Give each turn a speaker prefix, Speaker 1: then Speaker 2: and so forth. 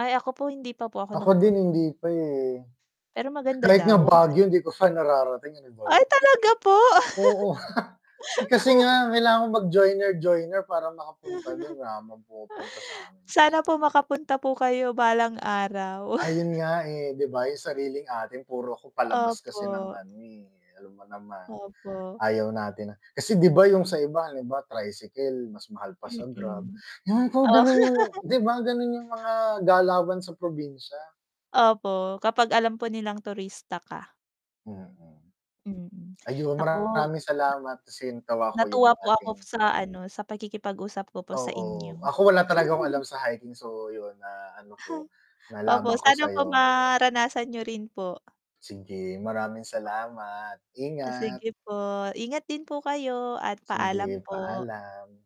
Speaker 1: Ay ako po hindi pa po ako
Speaker 2: Ako din
Speaker 1: nakapun
Speaker 2: hindi pa eh.
Speaker 1: pero maganda
Speaker 2: Kahit nga
Speaker 1: daw.
Speaker 2: Baguio hindi ko siya nararating, ano ba
Speaker 1: Ay,
Speaker 2: 'yun.
Speaker 1: talaga po?
Speaker 2: Oo. Eh, kasi nga kailangan kong mag-joiner-joiner para makapunta dun wala naman pumupunta sa'min kasi.
Speaker 1: Sana po makapunta po kayo balang araw.
Speaker 2: Ayun nga, eh, di ba yung sariling atin puro ako palabas kasi ng
Speaker 1: Opo.
Speaker 2: ano eh, alam mo naman,
Speaker 1: Opo.
Speaker 2: ayaw natin na kasi di ba yung sa iba halimbawa tricycle mas mahal pa sa grab,
Speaker 1: Mm,
Speaker 2: ewan ko
Speaker 1: Oh.
Speaker 2: ganun yung di ba, ganun yung mga galawan sa probinsya.
Speaker 1: Opo, kapag alam po nilang turista ka.
Speaker 2: Mm.
Speaker 1: Mm,
Speaker 2: Ayun
Speaker 1: naku n
Speaker 2: maraming salamat kasi natawa ako yung
Speaker 1: natuwa po ako
Speaker 2: ating
Speaker 1: sa ano, sa pakikipag usap ko po sa
Speaker 2: Oo,
Speaker 1: inyo.
Speaker 2: ako wala talaga akong alam sa hiking, so yun na ano ko,
Speaker 1: opo,
Speaker 2: nalaman ko
Speaker 1: sana po
Speaker 2: sa'yo.
Speaker 1: maranasan niyo rin po.
Speaker 2: Sige, maraming salamat,
Speaker 1: O
Speaker 2: ingat.
Speaker 1: sige po, ingat din po kayo at
Speaker 2: Sige,
Speaker 1: paalam po.
Speaker 2: paalam.